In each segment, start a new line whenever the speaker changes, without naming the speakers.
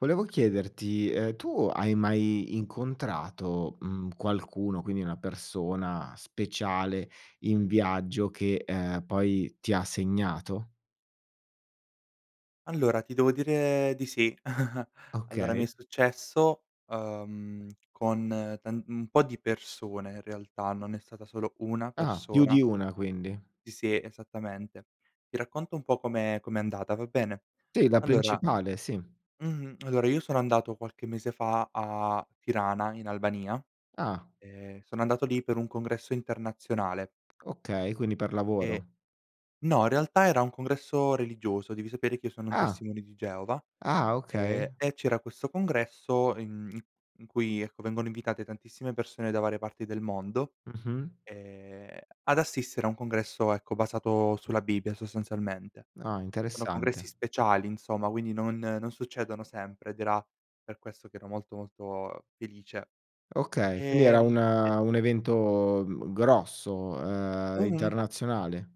Volevo chiederti: Ehm, tu hai mai incontrato, mhmm, qualcuno, quindi una persona speciale, in viaggio, che, ehm, poi ti ha segnato?
Allora, ti devo dire di sì. Allora, mi è
Okay.
successo, uhm, con tant un po' di persone in realtà, non è stata solo 1
Ah! Più
persona.
di una, quindi?
Sì, sì esattamente. Ti racconto un po' com'è com'è andata, va bene?
Sì, la
Allora,
principale, sì.
mhmm allora, io sono andato qualche mese fa a Tirana, in Albania,
Ah.
ehm, sono andato lì per un congresso internazionale.
Okay, quindi per
E
lavoro.
no, in realtà era un congresso religioso, devi sapere che io sono un
Ah!
testimone di Geova,
Ah, okay.
ehm, e c'era questo congresso in i in cui, ecco, vengono invitate tantissime persone da varie parti del mondo,
Mh-mh.
ehm, ad assistere a un congresso, ecco, basato sulla Bibbia sostanzialmente.
Ah,
Sono
interessante.
congressi speciali, insomma, quindi non non succedono sempre, ed era per questo che ero molto, molto felice.
Okay, quindi era
Ehm, e
una un evento, mhmm, grosso, ehm,
Mh-mh.
internazionale?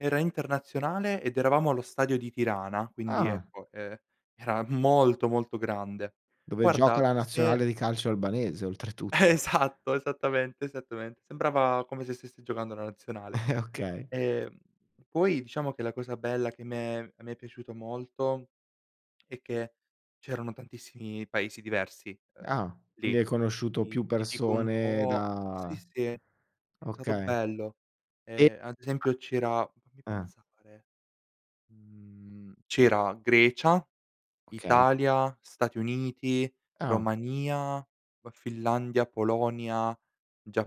Era internazionale ed eravamo allo stadio di Tirana quindi,
Ah!
ecco, ehm, era molto, molto grande.
Dove gioca
Guarda,
la
se
nazionale di calcio albanese, oltretutto.
Esatto! Esattamente, esattamente, sembrava come se stesse giocando la nazionale.
Okay.
Ehm, poi diciamo che la cosa bella che m'è a me è piaciuto molto, è che c'erano tantissimi paesi diversi, uhm,
Ah, quindi
lì.
hai conosciuto
Ti
più
ti dico un
persone
po' sì,
da
sì è è stato
okay.
bello.
E
Ehm, ad esempio ci era fammi
Eh.
pensare, mhmm, c'era Grecia,
Okay.
Italia, Stati Uniti,
Ah.
Romania, poi Finlandia, Polonia,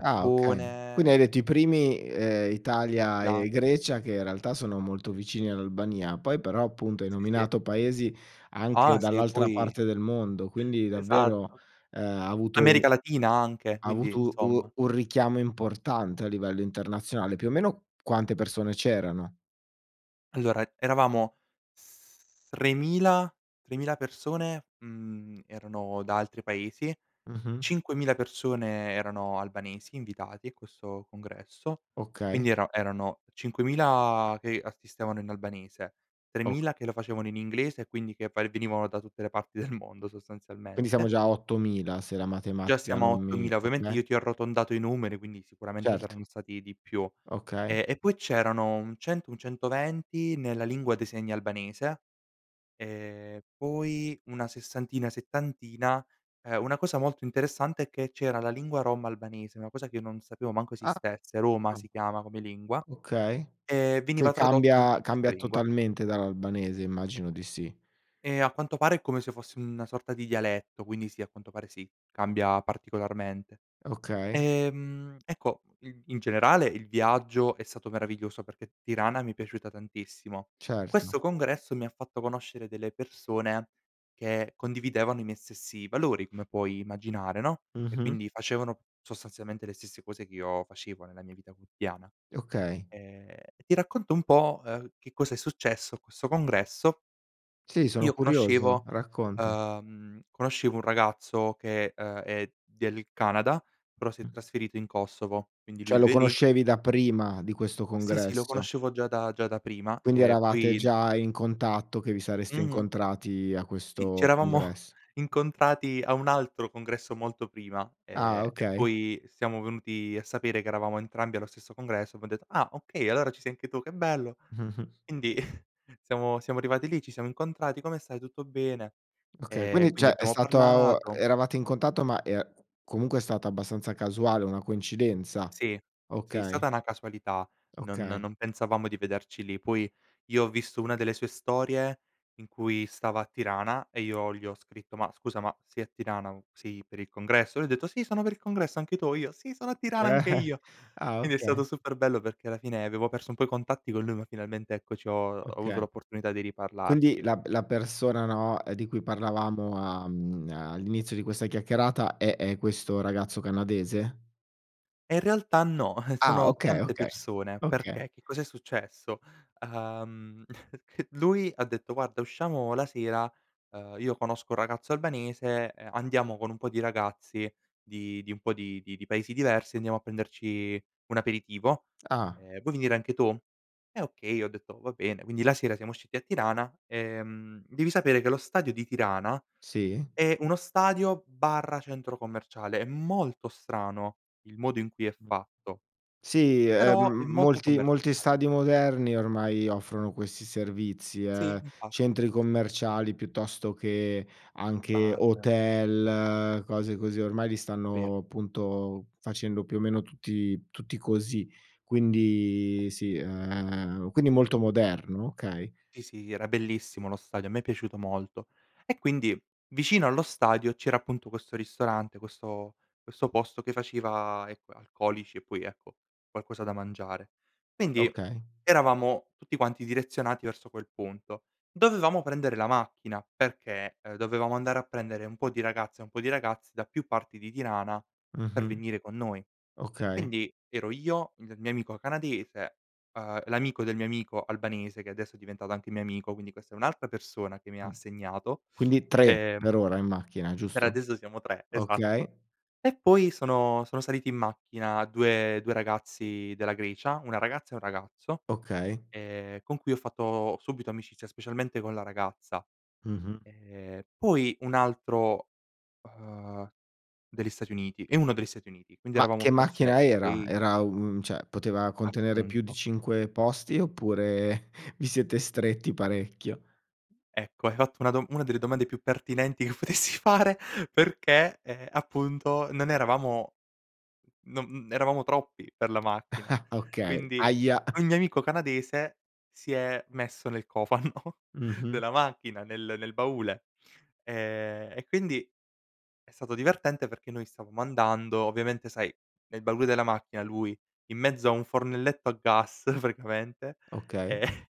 Ah, okay. Quindi hai detto i primi, ehm, Italia e
Ghana.
Grecia che in realtà sono molto vicini all'Albania, poi però appunto hai
Sì, sì.
nominato paesi anche
Ah, se
dall'altra
poi
parte del mondo, quindi davvero,
Esatto,
ehm, ha avuto u
America Latina anche
ha
quindi,
avuto
insomma.
u un richiamo importante a livello internazionale. Più o meno, quante persone c'erano?
Allora, eravamo s 3.000- 3.000 persone, mhmm, erano da altri paesi,
Mh-mh.
5.000 persone erano albanesi invitati a questo congresso;
Okay.
quindi ero erano 5.000 che assistevano in albanese,
Ok
3.000 che lo facevano in inglese, e quindi che va e venivano da tutte le parti del mondo
Quindi siamo
sostanzialmente.
già a 8.000, se la
Già
matematica
siamo a
non mi
8.000, ovviamente
okay.
io ti ho arrotondato i numeri, quindi sicuramente
Certo.
saranno stati di più.
Okay.
Ehm, e poi c'erano un 100, un 120 nella lingua dei segni albanese, e poi una sessantina, settantina ehm, una cosa molto interessante è che c'era la lingua Rom albanese, una cosa che io non sapevo manco
A
esistesse, Roma si
[unintelligible]
chiama come lingua,
Okay,
e
che
veniva tradotto anche
cambia
in questa
cambia
lingua.
totalmente dall'albanese? Immagino di sì.
Ehm, a quanto pare è come se fosse una sorta di dialetto, quindi sì, a quanto pare, sì, cambia particolarmente.
Okay.
Ehm, ecco, i in generale il viaggio è stato meraviglioso, perché Tirana mi è piaciuta tantissimo.
Certo.
Questo congresso mi ha fatto conoscere delle persone che condividevano i miei stessi valori, come puoi immaginare, no, e
Mh-mh.
quindi facevano sostanzialmente le stesse cose che io facevo nella mia vita quotidiana.
Okay.
Ehm, e ti racconto un po', ehm, che cosa è successo a questo congresso,
Sì, sono
io
curioso,
conoscevo
racconta.
uhm, conoscevo un ragazzo che, uhm, è del Canada però si è
[unintelligible]
trasferito in Kosovo, quindi lui
Cioè, lo
vive lì.
conoscevi da prima di questo
Sì, sì lo
congresso.
conoscevo già da già da prima,
Quindi
e
eravate
poi in
già in contatto, che vi sareste
Mh-mh.
incontrati a
Sì,
questo
c'eravamo
congresso.
incontrati a un altro congresso molto prima,
Ah,
ehm, e
okay.
poi siamo venuti a sapere che eravamo entrambi allo stesso congresso, abbiam detto: "Ah, okay! Allora ci sei anche tu, che bello!"
Mh-mh.
Indi siamo siamo arrivati lì, ci siamo incontrati, "Come stai? Tutto bene?"
Okay,
Ehm,
quindi
quindi
cioè, è
abbiamo
stato a o
parlato.
eravate in contatto ma è comunque è stata abbastanza casuale, una coincidenza.
Sì. Sì,
Okay.
stata una casualità, non no
Okay.
non pensavamo di vederci lì. Puoi, io ho visto una delle sue storie in cui stava a Tirana, e io gli ho scritto: "Ma, scusa ma sei a Tirana? U sei per il congresso?" Lui ha detto: "Sì, sono per il congresso, anche tu?" O io: "Sì, sono a Tirana anche io!"
Ah,
Quindi è
okay.
stato super bello, perché alla fine avevo perso un po' i contatti con lui ma finalmente, ecco, ci ho ho avuto
Oka
l'opportunità di
Quindi,
riparlarci.
la b la persona, no, ehm, di cui parlavamo a mhmm, all'inizio di questa chiacchierata è è questo ragazzo canadese?
E in realtà no,
Ah!
sono
Okay,
tante
okay,
persone,
oka
perché che cos'è successo: uhm, lui ha detto: "Guarda, usciamo la sera, ehm, io conosco un ragazzo albanese, ehm, andiamo con un po' di ragazzi di di un po' di di di paesi diversi, andiamo a prenderci un aperitivo,
Ah.
ehm, vuoi venire anche tu?" Eh okay, io ho detto: "Va bene." Quindi la sera siamo usciti a Tirana. Ehm, devi sapere che lo stadio di Tirana
Sì.
è uno stadio/centro commerciale, è molto strano il modo in cui è fatto,
Sì, ehm,
però è
m
molto
molti molti
commerciale.
stadi moderni ormai offrono questi servizi,
Sì,
eh,
infatti.
centri
Sì, sì.
commerciali piuttosto che anche
Bar.
hotel, cose così, ormai li
Vero.
stanno, punto, facendo più o meno tutti tutti così. Quindi sì, ehm, quindi molto moderno? Okay.
Sì, sì era bellissimo lo stadio, a me è piaciuto molto. E quindi vicino allo stadio c'era, appunto, questo ristorante questo questo posto che faceva, ecco, alcolici, e poi, ecco, qualcosa da mangiare. Quindi
Okay.
eravamo tutti quanti direzionati verso quel punto, dovevamo prendere la macchina perché, ehm, dovevamo andare a prendere un po' di ragazze e un po' di ragazzi da più parti di Tirana per
Mh-mh.
venire con noi.
Okay.
Quindi, ero io, il mio amico canadese, ehm, l'amico del mio amico albanese, che adesso è diventato anche mio amico, quindi questa è un'altra persona che mi
Mh.
ha segnato,
Quindi 3
ehm
per ora in macchina,
per
giusto?
adesso siamo 3 esatto.
Okay.
E poi sono sono saliti in macchina 2- 2 ragazzi della Grecia, una ragazza e un ragazzo,
Okay.
ehm, con cui ho fatto subito amicizia, specialmente con la ragazza.
Mh-mh.
Ehm, poi un altro, uhm, degli Stati Uniti, e 1 degli Stati Uniti. Quindi,
Ma
eravamo
che
forse
macchina era?
6.
Era u un cioè, poteva contenere più di
Appunto.
5 posti? Oppure, vi siete stretti parecchio?
Ecco, hai fatto una dom una delle domande più pertinenti che potessi fare perchè, ehm, appunto non eravamo non n n eravamo troppi per la macchina.
Okay.
Quindi,
Ahia!
ogni amico canadese si è messo nel cofano
Mh-mh.
della macchina, nel nel baule. Ehm, e quindi è stato divertente perché noi stavamo andando, ovviamente sai, nel baule della macchina lui, in mezzo a un fornelletto a gas praticamente, e
Okay.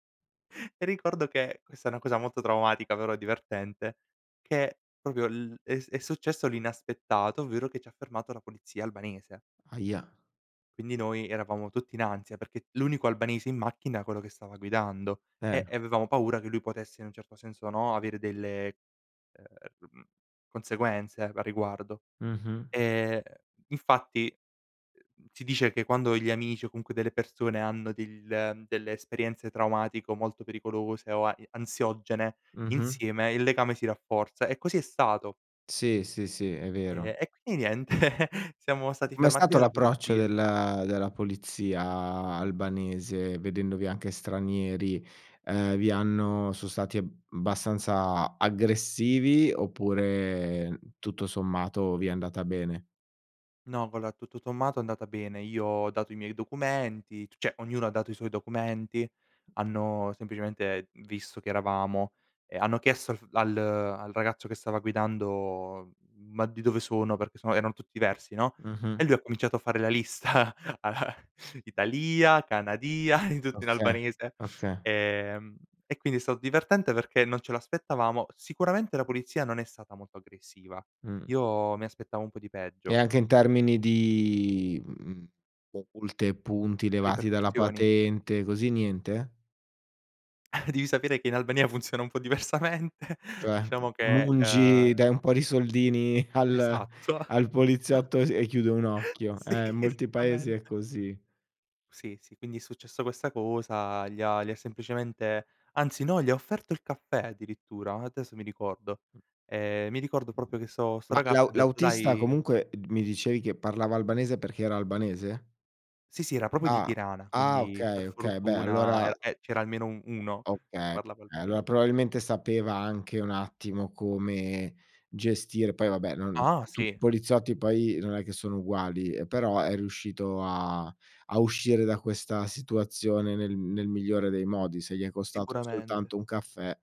ricordo che questa è una cosa molto traumatica però è divertente, che proprio l è s è successo l'inaspettato, ovvero che ci ha fermato la polizia albanese.
Ahia!
Quindi noi eravamo tutti in ansia, perché l'unico albanese in macchina era quello che stava guidando,
Eh,
e e
no.
avevamo paura che lui potesse in un certo senso, no, avere delle, ehm, [unintelligible] conseguenze a riguardo.
Mh-mh.
Ehm, infatti, uhm, mhmm, si dice che quando gli amici o comunque delle persone hanno dell ehm, delle esperienze traumatico molto pericolose o a e ansiogene
Mh-mh.
insieme il legame si rafforza, e così è stato.
Sì, sì, sì, è vero.
Ehm, e quindi niente, siamo stati
Com'è
fermati
stato
dalla
l'approccio
polizia.
del della polizia albanese, vedendovi anche stranieri? Ehm, vi hanno so' stati eb abbastanza aggressivi? Oppure, tutto sommato, vi è andata bene?
No va allora, tutto sommato è andata bene, io ho dato i miei documenti c cioè, ognuno ha dato i suoi documenti, hanno semplicemente visto chi eravamo e hanno chiesto al f al al ragazzo che stava guidando: "Ma di dove sono?" Perché sono erano tutti versi, no, e
Mh-mh.
lui ha cominciato a fare la lista: "Italìa, Canadìa," tutto in
Oka
albanese.
oka
Ehm, e quindi è stato divertente perché non ce lo aspettavamo. Sicuramente la polizia non è stata molto aggressiva,
Mh.
io mi aspettavo un po' di
E
peggio.
anche in termini di, mhmm, [unintelligible] multe e punti levati dalla
Ripercussioni.
patente, così, niente?
Devi sapere che in Albania funziona un po' diversamente!
Cioè, [unintelligible]
Diciamo che,
mungi,
ehm
dai un po' di soldini al
Esatto,
al
esa
poliziotto e s e chiude un occhio.
sì,
Eh, in molti paesi è
esattamente.
così.
Sì, sì quindi è successo questa cosa gli ha gli ha semplicemente anzi no, gli ha offerto il caffè addirittura, adesso mi ricordo. Ehm, mi ricordo proprio che so sto
Ma l'au
ragazzo ha detto:
l'autista,
"Dai"
comunque, d mi dicevi che parlava albanese perché era albanese?
Sì, sì era proprio di
Ah.
Tirana,
Ah!
quindi per
Okay, okay beh
fortuna
allora
era e c'era almeno u uno che
Okay,
parlava
eh,
albane
allora probabilmente sapeva anche un attimo come gestire poi vabbè, non
Ah!
tutti i
Sì.
poliziotti poi non è che sono uguali, ehm, però è riuscito a a uscire da questa situazione nel nel migliore dei modi, se gli è costato
Sicuramente.
soltanto un caffè.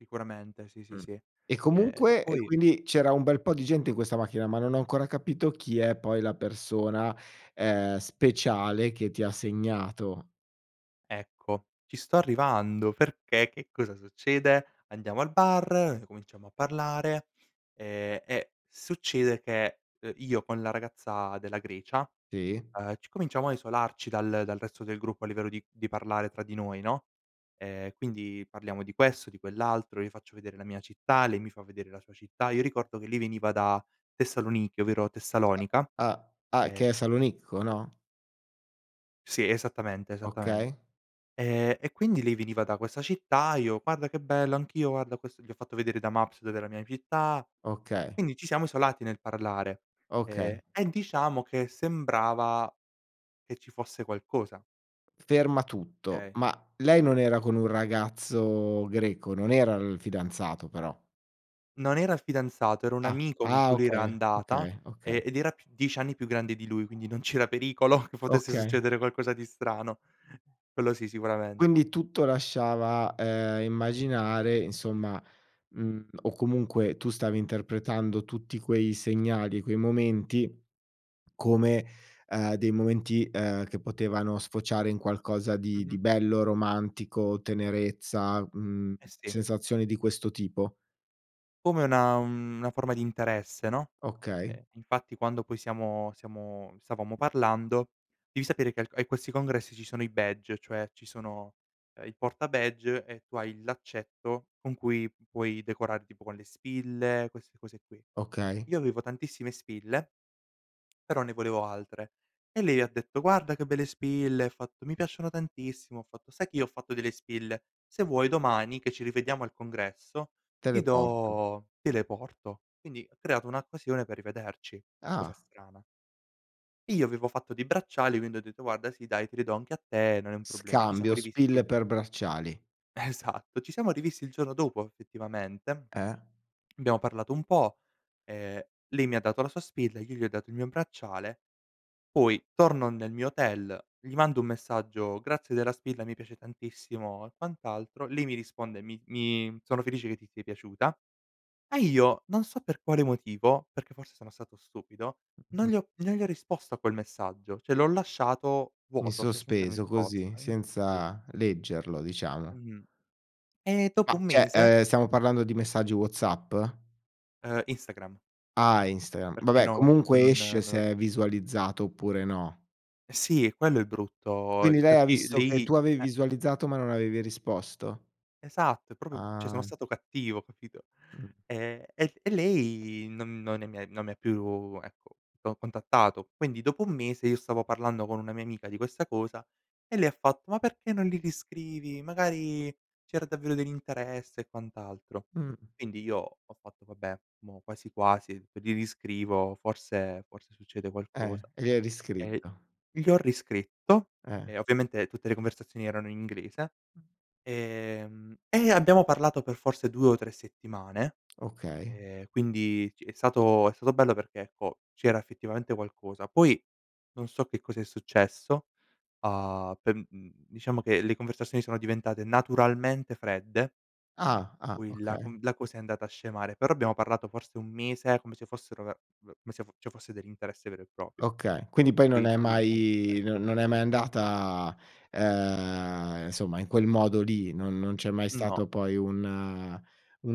Sicuramente sì, sì,
Mh.
sì.
E
Ehm,
comunque e
poi
quindi c'era un bel po' di gente in questa macchina, ma non ho ancora capito chi è poi la persona, ehm, speciale che ti ha segnato.
Ecco, ci sto arrivando, perché, che cosa succede? Andiamo al bar, cominciamo a parlare, ehm, e succede che, uhm, io con la ragazza della Grecia,
Sì.
uhm, ci cominciamo a isolarci dal dal resto del gruppo, a livello di di parlare tra di noi, no, ehm, quindi parliamo di questo, di quell'altro, io faccio vedere la mia città, lei mi fa vedere la sua città. Io ricordo che lei veniva da Tessaloniki, ovvero
[unintelligible]
Tessalonica,
Ah, ah
ehm
che è Salonicco, no?
Sì, esattamente, esattamen
Okay.
ehm, e quindi lei veniva da questa città, io: "Guarda che bello, anch'io guarda ho questo" gli ho fatto vedere da Maps dov'è la mia città.
Okay.
Quindi ci siamo isolati nel parlare,
Okay.
ehm, e diciamo che sembrava che ci fosse qualcosa.
Ferma tutto!
Okay.
Ma, lei non era con un ragazzo greco? Non era il fidanzato però?
Non era il fidanzato, era un
Ah.
amico con
Ah!
cui lei era
okay,
andata,
okay, okay.
e ed era più 10 anni più grande di lui, quindi non c'era pericolo che potesse
Okay.
succedere qualcosa di strano, quello sì sicuramen
Quindi tutto lasciava, ehm, immaginare insomma mhmm, o comunque tu stavi interpretando tutti quei segnali e quei momenti come, ehm, dei momenti, ehm, che potevano sfociare in qualcosa di di
Mh-mh.
bello, romantico, tenerezza, mhmm,
Eh, sì.
sensazioni di questo tipo?
Come una una forma di interesse, no,
Okay.
ehm, infatti quando poi siamo siamo stavamo parlando devi sapere che al e questi congressi ci sono i badge, cioè ci sono, uhm, il porta badge e tu hai il laccetto con cui puoi decorare tipo con le spille, queste cose qui.
Okay.
Io avevo tantissime spille però ne volevo altre, e lei ha detto: "Guarda che belle spille!" Ha fatto: "Mi piacciono tantissimo!" Ho fatto: "Sai che io ho fatto delle spille? Se vuoi domani, che ci rivediamo al congresso,
Te le
ti
porto.
do te le porto." Quindi ho creato un'occasione per rivederci, cosa
Ah.
strana. Io avevo fatto dei bracciali, quindi ho detto: "Guarda sì dai, te li do anche a te, non è un problema." Ci siamo
Scambio, spille
rivisti.
per bracciali.
Esatto, ci siamo rivisti il giorno dopo effettivamente.
Eh?
Abbiamo parlato un po', ehm, lei mi dato la sua spilla e io gli ho dato il mio bracciale poi, torno nel mio hotel, gli mando un messaggio: "Grazie della spilla mi piace tantissimo", e quant'altro, lei mi risponde: "Mi mi sono felice che ti sia piaciuta", e io, non so per quale motivo, perché forse sono stato stupido, non
Mh-mh-mh.
gli ho non gli ho risposto a quel messaggio, cioè l'ho lasciato
In
vuoto, cioè senza
sospeso così,
risposta, in sospeso.
senza leggerlo diciamo.
Mh-mh. E dopo
Ma
un
cioè,
mese
ehm, stiamo parlando di messaggi Whatsapp?
Ehm, Instagram.
Ah Instagram,
Perché
vabbè
no, WhatsApp
comunque
non, ehm,
esce
non
se
l'av
è visualizzato oppure no.
Eh sì è quello il brutto,
Quindi
ehm,
lei ha
perché
visto che
lei
tu avevi
eh.
visualizzato ma non avevi risposto?
Esatto è proprio cioè sono
Ah.
stato cattivo, capito.
Mh.
Ehm, e e lei non non è mi e non è mi più, ecco, co contattato. Quindi dopo 1 mese io stavo parlando con una mia amica di questa cosa e lei ha fatto: "Ma perché non li riscrivi? Magari c'era davvero dell'interesse", e quant'altro.
Mh.
Quindi io ho fatto: "Vabbè, mo' quasi quasi gli riscrivo forse forse succede
Eh,
qualcosa";
e gli hai
e
riscritto.
gli ho riscritto,
Eh.
e ovviamente tutte le conversazioni erano in inglese; ehm, e abbiamo parlato per forse 2 o 3 settimane,
Okay.
ehm, quindi ci è stato è stato bello perché, ecco, c'era effettivamente qualcosa. Poi non so che cos'è successo, uhm, per, mhmm, diciamo che le conversazioni sono diventate naturalmente fredde
Ah, ah.
poi la
okay.
conv la cosa è andata a scemare, però abbiamo parlato forse 1 mese come se fossero ve ve come se fos ci fosse dell'interesse vero e proprio.
Okay, quindi poi non
Poi
è
nulla è mai
mai non
successo.
non è mai andata, ehm, insomma in quel modo lì. Non non c'è mai
No.
stato poi un, ehm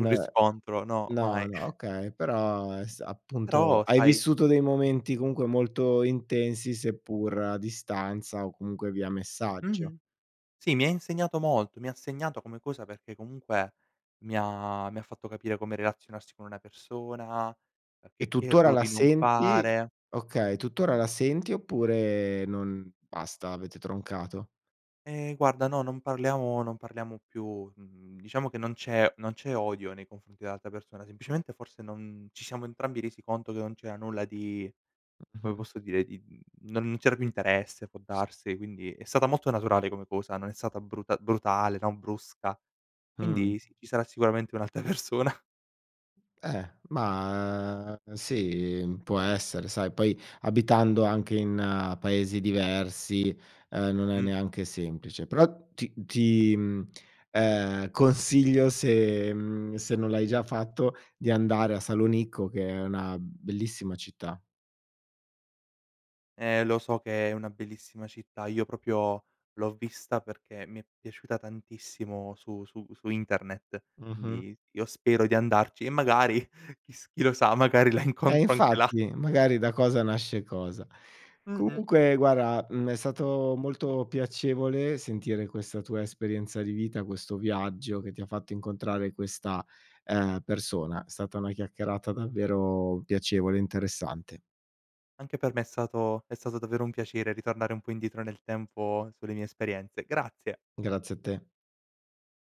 Un riscontro, no
no,
mai.
no, okay però è s appunto
Però
hai
sai
vissuto dei momenti comunque molto intensi. seppur a distanza o comunque via messaggio.
Mh-mh. Sì mi ha insegnato molto. Mi ha segnato come cosa perché comunque mi ha mi ha fatto capire come relazionarsi con una persona, e
E
che che
tutt'ora la
errori non
senti?
fare.
Okay tutt'ora la senti, oppure non basta avete troncato?
Ehm, guarda no, non parliamo non parliamo più. Mhmm, diciamo che non c'è non c'è odio nei confronti dell'altra persona, semplicemente forse non ci siamo entrambi resi conto che non c'era nulla di come posso dire, di, uhm non c'era più interesse può
S
darsi, e quindi è stata molto naturale come cosa, non è stata bruta brutale, no, brusca.
Mh.
Quindi sì, ci sarà sicuramente un'altra persona.
Eh, ma, ehm, sì, mhmm, può essere, sai poi abitando anche in paesi diversi, ehm, non è
Mh-mh.
neanche semplice, però ti ti, mhmm, ehm, consiglio se, mhmm se non l'hai già fatto, di andare a Salonicco che è una bellissima città.
Eh lo so che è una bellissima città. Io proprio l'ho vista perché mi è piaciuta tantissimo su su su internet,
Mh-mh.
quindi io spero di andarci e magari chi s chi lo sa magari la
Eh
incontro anche là.
infatti, magari da cosa nasce cosa.
Mh-mh.
Comunque guarda, mhmm, è stato molto piacevole sentire questa tua esperienza di vita, questo viaggio che ti ha fatto incontrare questa, ehm, persona. È stata una chiacchierata davvero piacevole e interessante.
Anche per me è stato è stato davvero un piacere ritornare un po' indietro nel tempo sulle mie esperienze. Grazie.
Grazie a te.